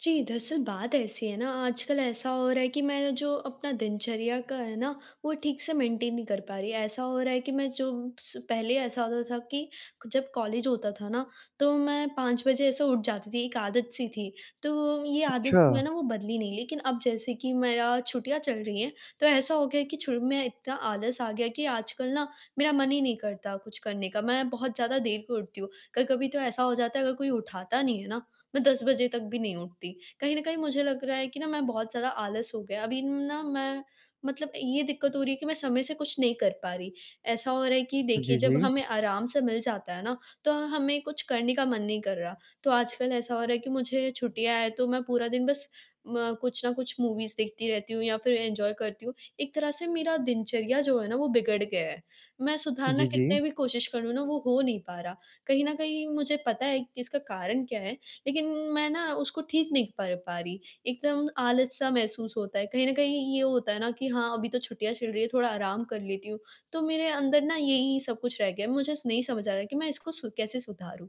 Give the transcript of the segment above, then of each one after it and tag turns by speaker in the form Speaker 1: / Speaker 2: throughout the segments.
Speaker 1: जी दरअसल, बात ऐसी है ना, आजकल ऐसा हो रहा है कि मैं जो अपना दिनचर्या का है ना वो ठीक से मेंटेन नहीं कर पा रही। ऐसा हो रहा है कि मैं जो स पहले ऐसा होता था कि जब कॉलेज होता था ना तो मैं 5 बजे ऐसे उठ जाती थी एक आदत-सी थी। तो ये आदत जो है
Speaker 2: अच्छा।
Speaker 1: ना वो बदली नहीं लेकिन अब जैसे कि मेरा छुट्टियाँ चल रही हैं तो ऐसा हो गया कि शुरू में इतना आलस आ गया कि आजकल ना मेरा मन ही नहीं करता कुछ करने का। मैं बहुत ज़्यादा देर को उठती हूँ। कभी-कभी तो ऐसा हो जाता है, अगर कोई उठाता नहीं है ना मैं 10 बजे तक भी नहीं उठती। कहीं न कहीं मुझे लग रहा है कि ना मैं बहुत ज़्यादा आलस हो गया। अभी ना मैं मतलब ये दिक़्क़त हो रही है कि मैं समय से कुछ नहीं कर पा रही। ऐसा हो रहा है कि, देखिए
Speaker 2: जी,
Speaker 1: जब
Speaker 2: जी।
Speaker 1: हमें आराम से मिल जाता है ना तो हमें कुछ करने का मन नहीं कर रहा। तो आजकल ऐसा हो रहा है कि मुझे छुट्टियाँ हैं तो मैं पूरा दिन बस म कुछ न कुछ मूवीज़ देखती रहती हूँ या फ़िर एन्जॉय करती हूँ। एक तरह से मेरा दिनचर्या जो है ना वो बिगड़ गया है। मैं सुधारना
Speaker 2: जी, जी।
Speaker 1: कितने भी कोशिश करूँ ना, वो हो नहीं पा रहा। कहीं न कहीं मुझे पता है कि इसका कारण क्या है, लेकिन मैं ना उसको ठीक नहीं कर पा रही। एकदम आलस-सा महसूस होता है। कहीं न कहीं ये होता है ना कि हाँ अभी तो छुट्टियाँ चल रही है, थोड़ा आराम कर लेती हूँ। तो मेरे अंदर ना यही सब कुछ रह गया है, मुझे नहीं समझ आ रहा कि मैं इसको सु कैसे सुधारूँ?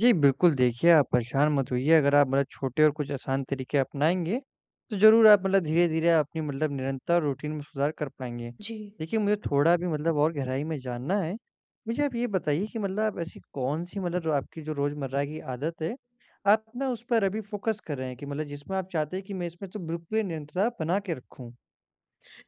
Speaker 2: जी बिल्कुल, देखिए आप परेशान मत होइए, अगर आप मतलब छोटे और कुछ आसान तरीके अपनाएँगे, तो ज़रूर आप मतलब धीरे-धीरे अपनी मतलब निरंतर रूटीन में सुधार कर पाएँगे।
Speaker 1: जी।
Speaker 2: देखिए मुझे थोड़ा भी मतलब और गहराई में जानना है, मुझे आप ये बताइए कि मतलब आप ऐसी कौन सी मतलब रो आपकी जो रोज़मर्रा की आदत है, आप ना उस पर अभी फ़ोकस कर रहे हैं कि मतलब जिसमें आप चाहते हैं कि मैं इसमें तो बिल्कुल निरंतरता बना के रखूँ?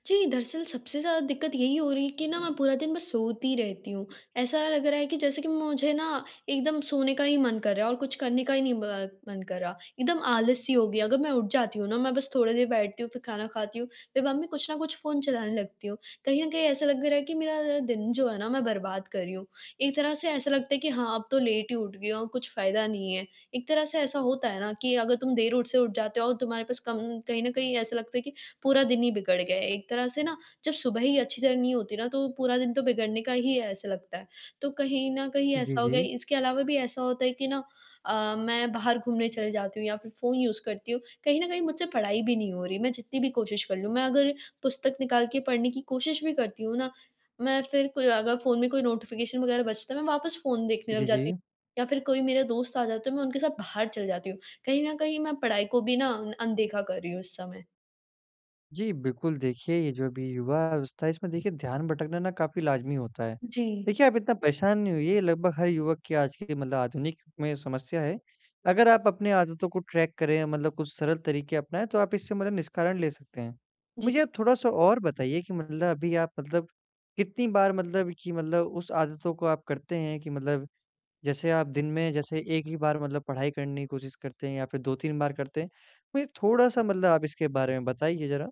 Speaker 1: जी, दरअसल सबसे ज़्यादा दिक्कत यही हो रही है कि ना मैं पूरा दिन बस सोती रहती हूँ। ऐसा लग रहा है कि जैसे कि मुझे ना, एकदम सोने का ही मन कर रहा है और कुछ करने का ही नहीं ब मन कर रहा, एकदम आलस-सी हो गई, अगर मैं उठ जाती हूँ ना, मैं बस थोड़ी देर बैठती हूँ फिर खाना खाती हूँ फिर मम्मी कुछ ना कुछ फ़ोन चलाने लगती हूँ, कहीं न कहीं ऐसा लग रहा है कि मेरा दिन जो है ना मैं बर्बाद कर रही हूँ। एक तरह से ऐसा लगता है कि हाँ अब तो लेट ही उठ गई हूँ, कुछ फ़ायदा नहीं है। एक तरह से ऐसा होता है ना कि अगर तुम देर उठ से उठ जाते हो और तुम्हारे पास कम कहीं न कहीं ऐसा लगता है कि पूरा दिन ही बिगड़ गया है, एक तरह से ना जब सुबह ही अच्छी तरह नहीं होती ना तो पूरा दिन तो बिगड़ने का ही है ऐसा लगता है। तो कहीं न कहीं
Speaker 2: जी,
Speaker 1: ऐसा हो गया है,
Speaker 2: जी।
Speaker 1: इसके अलावा भी ऐसा होता है कि ना अ, मैं बाहर घूमने चली जाती हूँ या फिर फ़ोन यूज़ करती हूँ, कहीं न कहीं मुझसे पढ़ाई भी नहीं हो रही, मैं जितनी भी कोशिश कर लूँ। मैं अगर पुस्तक निकाल के पढ़ने की कोशिश भी करती हूँ ना, मैं फिर कोई अगर फ़ोन में कोई नोटिफ़िकेशन वगैरह बजता है मैं वापस फ़ोन देखने लग
Speaker 2: जी,
Speaker 1: जाती
Speaker 2: जी।
Speaker 1: हूँ या फिर कोई मेरा दोस्त आ जाते है मैं उनके साथ बाहर चली जाती हूँ। कहीं न कहीं मैं पढ़ाई को भी ना अनदेखा कर रही हूँ इस समय।
Speaker 2: जी बिल्कुल, देखिए ये जो भी युवा-अवस्था है इसमें देखिए ध्यान भटकना ना काफ़ी लाज़मी होता है,
Speaker 1: जी।
Speaker 2: देखिए आप इतना परेशान नहीं होइए लगभग हर युवक की आज की मतलब आधुनिक में समस्या है। अगर आप अपनी आदतों को ट्रैक करें मतलब कुछ सरल तरीक़े अपनाएँ तो आप इससे मतलब निष्कारण ले सकते हैं,
Speaker 1: जी।
Speaker 2: मुझे आप थोड़ा-सा और बताइए कि मतलब अभी आप मतलब कितनी बार मतलब कि मतलब उस आदतों को आप करते हैं कि मतलब जैसे आप दिन में जैसे एक ही बार मतलब पढ़ाई करने की कोशिश करते हैं या फिर 2-3 बार करते हैं। मुझे थोड़ा-सा मतलब आप इसके बारे में बताइए ज़रा?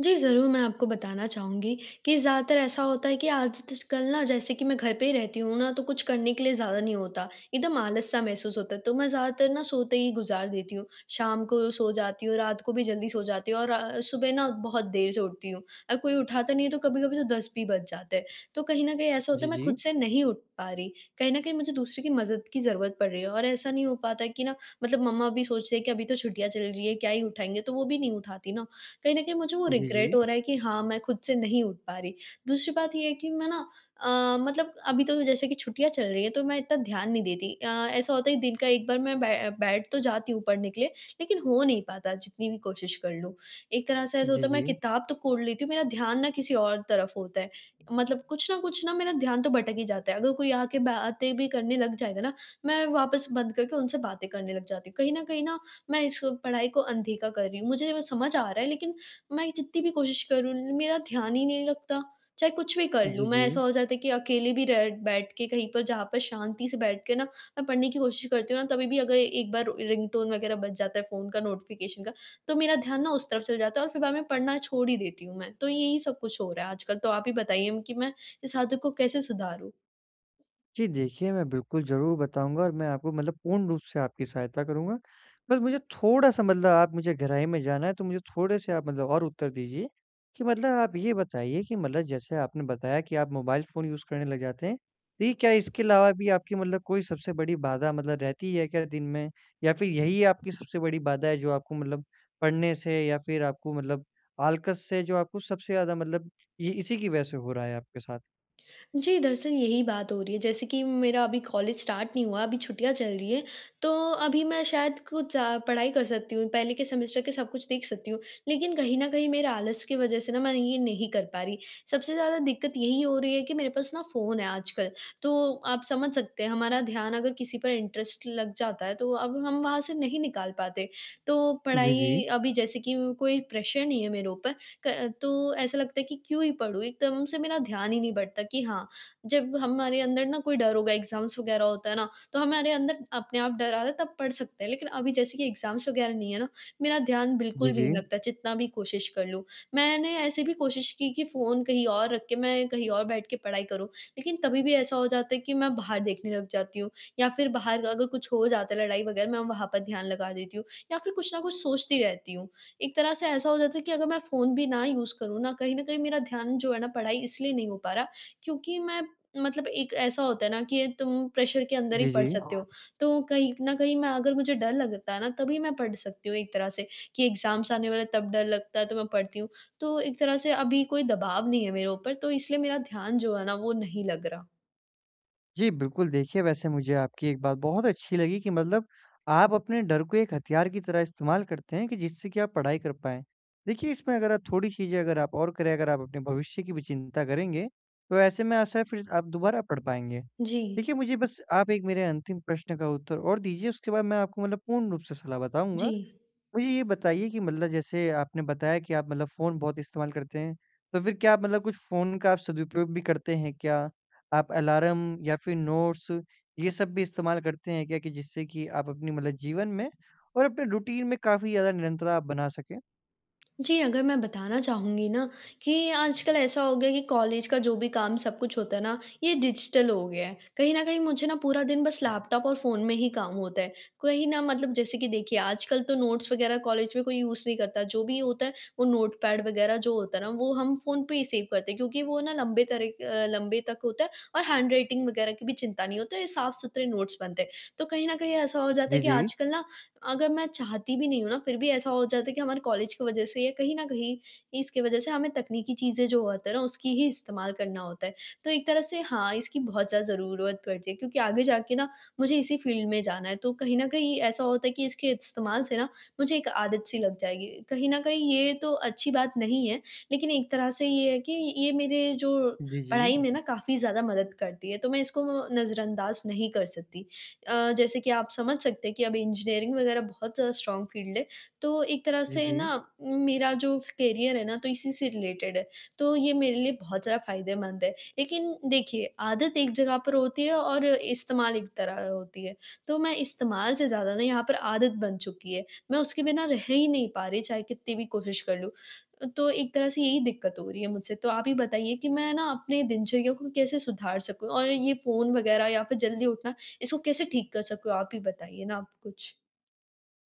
Speaker 1: जी ज़रूर, मैं आपको बताना चाहूँगी कि ज़्यादातर ऐसा होता है कि आज तश कल ना जैसे कि मैं घर पे ही रहती हूँ ना, तो कुछ करने के लिए ज़्यादा नहीं होता, एकदम आलस-सा महसूस होता है तो मैं ज़्यादातर ना सोते ही गुज़ार देती हूँ। शाम को सो जाती हूँ, रात को भी जल्दी सो जाती हूँ, और सुबह ना बहुत देर से उठती हूँ। अ, कोई उठाता नहीं है, तो कभी-कभी तो 10 भी बज जाते हैं। तो कहीं न कहीं ऐसा होता
Speaker 2: जी,
Speaker 1: है मैं खुद
Speaker 2: जी।
Speaker 1: से नहीं उठ पा रही कहीं न कहीं मुझे दूसरे की मदद की ज़रूरत पड़ रही है और ऐसा नहीं हो पाता है कि ना मतलब मम्मा भी सोचते हैं कि अभी तो छुट्टियाँ चल रही है, क्या ही उठाएँगे, तो वो भी नहीं उठाती ना कहीं न कहीं मुझे वो
Speaker 2: जी,
Speaker 1: रिग्रेट
Speaker 2: जी।
Speaker 1: हो रहा है कि हाँ मैं खुद से नहीं उठ पा रही। दूसरी बात ये है कि मैं ना अ, मतलब अभी तो जैसे कि छुट्टियाँ चल रही है, तो मैं इतना ध्यान नहीं देती अ, ऐसा होता है कि दिन का एक बार मैं बै बैठ तो जाती हूँ पढ़ने के लिए, लेकिन हो नहीं पाता, जितनी भी कोशिश कर लूँ। एक तरह से ऐसा
Speaker 2: जी,
Speaker 1: होता है मैं
Speaker 2: जी।
Speaker 1: किताब तो कोड़ लेती हूँ, मेरा ध्यान ना किसी और तरफ होता है। मतलब कुछ न कुछ ना मेरा ध्यान तो भटक ही जाता है अगर कोई आ के बातें भी करने लग जाएगा ना, मैं वापस बंद करके उनसे बातें करने लग जाती हूँ, कहीं न कहीं ना मैं इस पढ़ाई को अनदेखा कर रही हूँ। मुझे समझ आ रहा है लेकिन मैं जितनी भी कोशिश करूँ मेरा ध्यान ही नहीं लगता। चाहे कुछ भी कर
Speaker 2: जी,
Speaker 1: लूँ, मैं ऐसा
Speaker 2: जी।
Speaker 1: हो जाता है कि अकेले भी रह बैठ के कहीं पर जहाँ पर शांति से बैठ के ना मैं पढ़ने की कोशिश करती हूँ ना तभी भी अगर एक बार रिंगटोन वग़ैरह बज जाता है फ़ोन का नोटिफ़िकेशन का तो मेरा ध्यान ना उस तरफ चला जाता है और फिर बाद में पढ़ना छोड़ ही देती हूँ मैं। तो यही सब कुछ हो रहा है आजकल, तो आप ही बताइए कि मैं इस आदत को कैसे सुधारूँ?
Speaker 2: जी, देखिए मैं बिल्कुल ज़रूर बताऊँगा और मैं आपको मतलब पूर्ण रूप से आपकी सहायता करूँगा। बस मुझे थोड़ा-सा मतलब आप मुझे गहराई में जाना है तो मुझे थोड़े-से आप मतलब और उत्तर दीजिए, कि मतलब आप ये बताइए कि मतलब जैसे आपने बताया कि आप मोबाइल फ़ोन यूज़ करने लग जाते हैं। तो क्या इसके अलावा भी आपकी मतलब कोई सबसे बड़ी बाधा मतलब रहती है क्या दिन में? या फिर यही आपकी सबसे बड़ी बाधा है जो आपको मतलब पढ़ने से या फिर आपको मतलब आल्कस से जो आपको सबसे ज़्यादा मतलब ये इसी की वज़ह से हो रहा है आपके साथ?
Speaker 1: जी, दरअसल यही बात हो रही है जैसे कि मेरा अभी कॉलेज स्टार्ट नहीं हुआ, अभी छुट्टियाँ चल रही हैं तो अभी मैं शायद कुछ अ, पढ़ाई कर सकती हूँ, पहले के सेमेस्टर के सब कुछ देख सकती हूँ। लेकिन कहीं न कहीं मेरा आलस की वज़ह से ना मैं ये नहीं कर पा रही, सबसे ज़्यादा दिक्कत यही हो रही है कि मेरे पास ना फ़ोन है आजकल, तो आप समझ सकते हैं हमारा ध्यान अगर किसी पर इंटरेस्ट लग जाता है तो अब हम वहाँ से नहीं निकाल पाते। तो
Speaker 2: जी, जी।
Speaker 1: पढ़ाई अभी जैसे कि कोई प्रेशर नहीं है मेरे ऊपर क तो ऐसा लगता है कि क्यों ही पढ़ूँ? एकदम से मेरा ध्यान ही नहीं बढ़ता कि हाँ जब हमारे अंदर ना कोई डर होगा एग्ज़ाम्स वग़ैरह होता है ना, तो हमारे अंदर अपने आप डर आता है तब पढ़ सकते हैं, लेकिन अभी जैसे कि एग्ज़ाम्स वग़ैरह नहीं है ना, मेरा ध्यान
Speaker 2: जी,
Speaker 1: बिल्कुल भी नहीं
Speaker 2: जी।
Speaker 1: लगता जितना भी कोशिश कर लूँ। मैंने ऐसे भी कोशिश की कि फ़ोन कहीं और रख के मैं कहीं और बैठ के पढ़ाई करूँ, लेकिन तभी भी ऐसा हो जाता है कि मैं बाहर देखने लग जाती हूँ या फिर बाहर अगर कुछ हो जाता है, लड़ाई वग़ैरह मैं वहाँ पर ध्यान लगा देती हूँ या फिर कुछ न कुछ सोचती रहती हूँ। एक तरह से ऐसा हो जाता है कि अगर मैं फ़ोन भी ना यूज़ करूँ ना कहीं न कहीं मेरा ध्यान जो है ना पढ़ाई इसलिए नहीं हो पा रहा क्योंकि मैं मतलब एक ऐसा होता है ना कि तुम प्रेशर के अंदर ही
Speaker 2: जी,
Speaker 1: पढ़
Speaker 2: जी।
Speaker 1: सकते हो तो कहीं न कहीं मैं अगर मुझे डर लगता है ना तभी मैं पढ़ सकती हूँ एक तरह से कि एग्जाम्स आने वाले हैं तब डर लगता है, तो मैं पढ़ती हूँ, तो एक तरह से अभी कोई दबाव नहीं है मेरे ऊपर तो इसलिए मेरा ध्यान जो है ना वो नहीं लग रहा।
Speaker 2: जी बिल्कुल, देखिए वैसे मुझे आपकी एक बात बहुत अच्छी लगी कि, मतलब आप अपने डर को एक हथियार की तरह इस्तेमाल करते हैं कि जिससे कि आप पढ़ाई कर पाएँ। देखिए इसमें अगर आप थोड़ी चीज़ें अगर आप और करें अगर आप अपने भविष्य की भी चिंता करेंगे, तो ऐसे में, आशा है फ़िर आप दोबारा पढ़ पाएँगे।
Speaker 1: जी।
Speaker 2: देखिए, मुझे बस आप एक मेरे अंतिम प्रश्न का उत्तर और दीजिए उसके बाद मैं आपको मतलब पूर्ण रूप से सलाह बताऊँगा।
Speaker 1: जी।
Speaker 2: मुझे ये बताइए कि मतलब जैसे आपने बताया कि आप मतलब फ़ोन बहुत इस्तेमाल करते हैं तो फ़िर क्या आप मतलब कुछ फ़ोन का सदुपयोग भी करते हैं क्या? आप अलार्म या फ़िर नोट्स ये सब भी इस्तेमाल करते हैं क्या कि जिससे कि आप अपने मतलब जीवन में और अपने रूटीन में काफ़ी ज़्यादा निरंतर आप बना सकें?
Speaker 1: जी अगर मैं बताना चाहूँगी ना कि आजकल ऐसा हो गया है कि कॉलेज का जो भी काम सब कुछ होता है ना ये डिजिटल हो गया है। कहीं न कहीं मुझे ना पूरा दिन बस लैपटॉप और फ़ोन में ही काम होता है। कहीं न मतलब जैसे कि देखिए, आजकल तो नोट्स वग़ैरह कॉलेज में कोई यूज़ नहीं करता। जो भी होता है वो नोटपैड वग़ैरह जो होता है ना वो हम फ़ोन पे ही सेव करते हैं क्योंकि वो ना लंबे तरह के अ, लंबे तक होता है और हैंड-राइटिंग वग़ैरह की भी चिंता नहीं होती है ये साफ़-सुथरे नोट्स बनते हैं। तो कहीं न कहीं ऐसा हो जाता
Speaker 2: जी,
Speaker 1: है कि
Speaker 2: जी।
Speaker 1: आजकल ना अगर मैं चाहती भी नहीं हूँ ना, फ़िर भी ऐसा हो जाता है कि हमारे कॉलेज की वजह से या कहीं न कहीं इसकी वजह से हमें तकनीकी चीज़ें जो होती हैं ना उसकी ही इस्तेमाल करना होता है। तो एक तरह से हाँ इसकी बहुत ज़्यादा ज़रूरत पड़ती है क्योंकि आगे जाके ना मुझे इसी फ़ील्ड में जाना है तो कहीं न कहीं ऐसा होता है कि इसके इस्तेमाल से ना मुझे एक आदत-सी लग जाएगी। कहीं न कहीं ये तो अच्छी बात नहीं है, लेकिन एक तरह से ये है कि, ये मेरे जो
Speaker 2: जी, जी।
Speaker 1: पढ़ाई में ना काफ़ी ज़्यादा मदद करती है, तो मैं इसको नज़रअंदाज़ नहीं कर सकती। अ, जैसे कि आप समझ सकते हैं कि अब इंजीनियरिंग वग़ैरह बहुत ज़्यादा स्ट्रांग फ़ील्ड है। तो एक तरह
Speaker 2: जी,
Speaker 1: से ना
Speaker 2: जी।
Speaker 1: मेरा जो करियर है ना, तो इसी से रिलेटेड है। तो ये मेरे लिए बहुत ज़्यादा फायदेमंद है। लेकिन देखिए आदत एक जगह पर होती है और इस्तेमाल एक तरह होती है। तो मैं इस्तेमाल से ज़्यादा ना यहाँ पर आदत बन चुकी है। मैं उसके बिना रह ही नहीं पा रही चाहे कितनी भी कोशिश कर लूँ, तो एक तरह से यही दिक़्क़त हो रही है मुझसे तो आप ही बताइए कि मैं ना अपने दिनचर्या को कैसे सुधार सकूँ और ये फ़ोन वग़ैरह या फ़िर जल्दी उठना इसको कैसे ठीक कर सकूँ आप ही बताइए ना आप कुछ।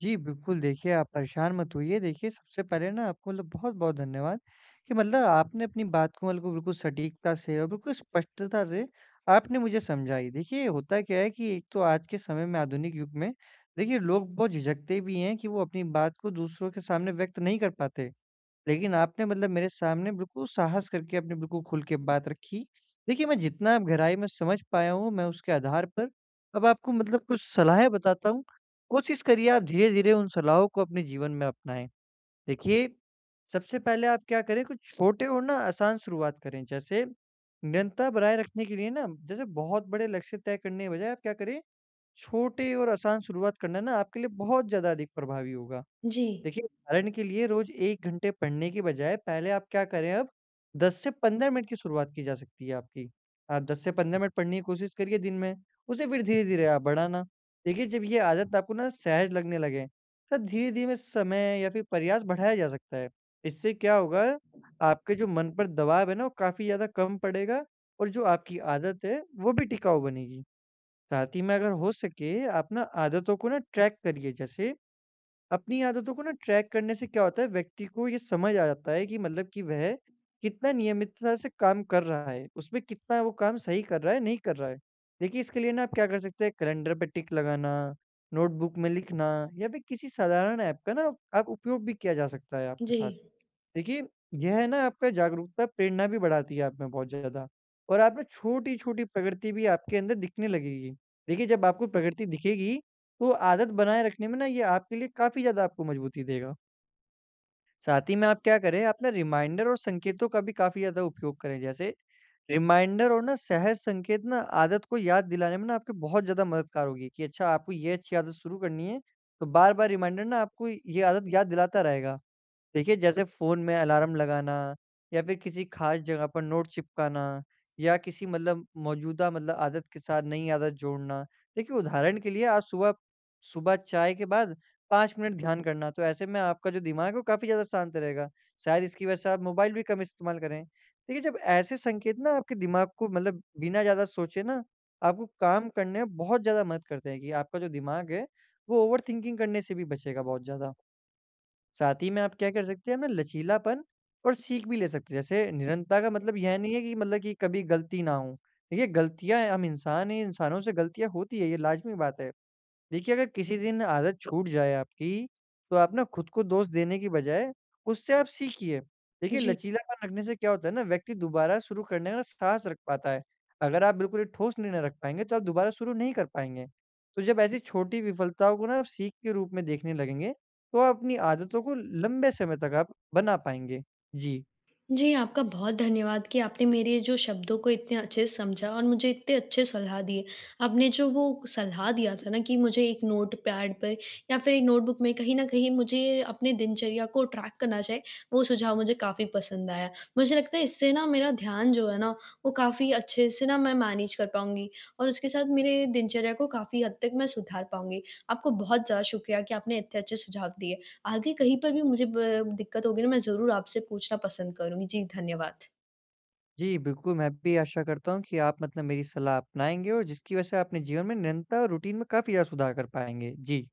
Speaker 2: जी, बिल्कुल देखिए आप परेशान मत होइए। देखिए सबसे पहले ना आपको मतलब बहुत-बहुत धन्यवाद कि मतलब आपने अपनी बात को बिल्कुल, बिल्कुल सटीकता से और बिल्कुल स्पष्टता से आपने मुझे समझाई। देखिए होता क्या है कि एक तो आज के समय में आधुनिक युग में देखिए लोग बहुत झिझकते भी हैं कि वो अपनी बात को दूसरों के सामने व्यक्त नहीं कर पाते। लेकिन आपने मतलब मेरे सामने बिल्कुल साहस करके, आपने बिल्कुल खुल के बात रखी। देखिए मैं जितना गहराई में समझ पाया हूँ मैं उसके आधार पर अब आपको मतलब कुछ सलाहें बताता हूँ, कोशिश करिए आप धीरे-धीरे उन सलाहों को अपने जीवन में अपनाएँ। देखिए सबसे पहले आप क्या करें कुछ छोटे और ना आसान शुरुआत करें। जैसे निरंतरता बनाए रखने के लिए ना जैसे बहुत बड़े लक्ष्य तय करने के बजाय आप क्या करें छोटे और आसान शुरुआत करना ना आपके लिए बहुत ज़्यादा अधिक प्रभावी होगा।
Speaker 1: जी।
Speaker 2: देखिए कारण के लिए रोज़ 1 घंटे पढ़ने के बजाय पहले आप क्या करें अब 10 से 15 मिनट की शुरुआत की जा सकती है आपकी। आप 10 से 15 मिनट पढ़ने की कोशिश करिए दिन में उसे फिर धीरे-धीरे आप बढ़ाना। देखिए जब ये आदत आपको ना सहज़ लगने लगे, तो धीरे-धीरे समय या फ़िर प्रयास बढ़ाया जा सकता है। इससे क्या होगा आपके जो मन पर दबाव है ना वो काफ़ी ज़्यादा कम पड़ेगा और जो आपकी आदत है वो भी टिकाऊ बनेगी। साथ ही में अगर हो सके आप ना आदतों को ना ट्रैक करिए। जैसे अपनी आदतों को ना ट्रैक करने से क्या होता है व्यक्ति को ये समझ आ जाता है कि मतलब कि वह कितना नियमितता से काम कर रहा है, उसमें कितना वो काम सही कर रहा है, नहीं कर रहा है। देखिए इसके लिए ना आप क्या कर सकते हैं कैलेंडर पे टिक लगाना, नोटबुक में लिखना या फ़िर किसी साधारण ऐप का ना आप उपयोग भी किया जा सकता है आपके साथ।
Speaker 1: जी।
Speaker 2: देखिए यह है ना आपका जागरूकता प्रेरणा भी बढ़ाती है आपमें बहुत ज़्यादा और आप ना छोटी-छोटी प्रकृति भी आपके अंदर दिखने लगेगी। देखिए जब आपको प्रगति दिखेगी तो आदत बनाए रखने में ना ये आपके लिए काफ़ी ज़्यादा आपको मज़बूती देगा। साथ ही में आप क्या करें, आप ना रिमाइंडर और संकेतों का भी काफ़ी ज़्यादा उपयोग करें। जैसे रिमाइंडर और ना, सहज संकेत ना, आदत को याद दिलाने में ना आपके बहुत ज़्यादा मददगार होगी कि अच्छा आपको ये अच्छी आदत शुरू करनी है, तो बार-बार रिमाइंडर ना आपको ये आदत याद दिलाता रहेगा। देखिए जैसे फ़ोन में अलार्म लगाना या फिर किसी ख़ास जगह पर नोट चिपकाना या किसी मतलब मौजूदा मतलब आदत के साथ नई आदत जोड़ना, देखिए उदाहरण के लिए आज सुबह सुबह चाय के बाद 5 मिनट ध्यान करना। तो ऐसे में आपका जो दिमाग है, वो काफ़ी ज़्यादा शांत रहेगा। शायद इसकी वज़ह से आप मोबाइल भी कम इस्तेमाल करें। देखिए जब ऐसे संकेत ना आपके दिमाग को मतलब बिना ज़्यादा सोचे ना, आपको काम करने में बहुत ज़्यादा मदद करते हैं कि आपका जो दिमाग है वो ओवर थिंकिंग करने से भी बचेगा बहुत ज़्यादा। साथ ही में आप क्या कर सकते हैं ना, लचीलापन और सीख भी ले सकते हैं। जैसे निरन्तता का मतलब यह नहीं है कि मतलब कि कभी गलती ना हो। देखिए गलतियाँ हैं हम इंसान हैं, इंसानों से गलतियाँ होती हैं, ये लाजमि बात है। देखिए अगर किसी दिन आदत छूट जाए आपकी तो आप ना खुद को दोष देने की बजाय उससे आप सीखिए। देखिए
Speaker 1: जी।
Speaker 2: लचीलापन रखने से क्या होता है ना व्यक्ति दोबारा शुरू करने का ना, साहस रख पाता है। अगर आप बिल्कुल ही ठोस निर्णय रख पाएँगे, तो आप दोबारा शुरू नहीं कर पाएँगे। तो जब ऐसी छोटी विफलताओं को ना जब सीख के रूप में देखने लगेंगे, तो आप अपनी आदतों को ल लंबे समय तक आप बना पाएँगे। जी।
Speaker 1: जी, आपका बहुत धन्यवाद कि आपने मेरे ये जो शब्दों को इतने अच्छे से समझा और मुझे इतने अच्छे सलाह दिए। आपने जो वो सलाह दिया था ना, कि मुझे एक नोटपैड पर या फिर एक नोटबुक में कहीं न कहीं मुझे अपने दिनचर्या को ट्रैक करना चाहिए वो सुझाव मुझे काफ़ी पसंद आया। मुझे लगता है इससे ना मेरा ध्यान जो है ना, वो काफ़ी अच्छे से ना मैं मैनेज कर पाऊँगी और उसके साथ मेरे दिनचर्या को काफ़ी हद तक मैं सुधार पाऊँगी। आपको बहुत ज़्यादा शुक्रिया कि आपने इतने अच्छे सुझाव दिए। आगे कहीं पर भी मुझे ब दिक्कत होगी ना, मैं ज़रूर आपसे पूछना पसंद करुँगी। जी, धन्यवाद।
Speaker 2: जी बिल्कुल। मैं भी आशा करता हूँ कि आप मतलब मेरी सलाह अपनाएँगे और जिसकी वज़ह से आप अपने जीवन में निरन्तता और रूटीन में काफ़ी ज़्यादा सुधार कर पाएँगे। जी।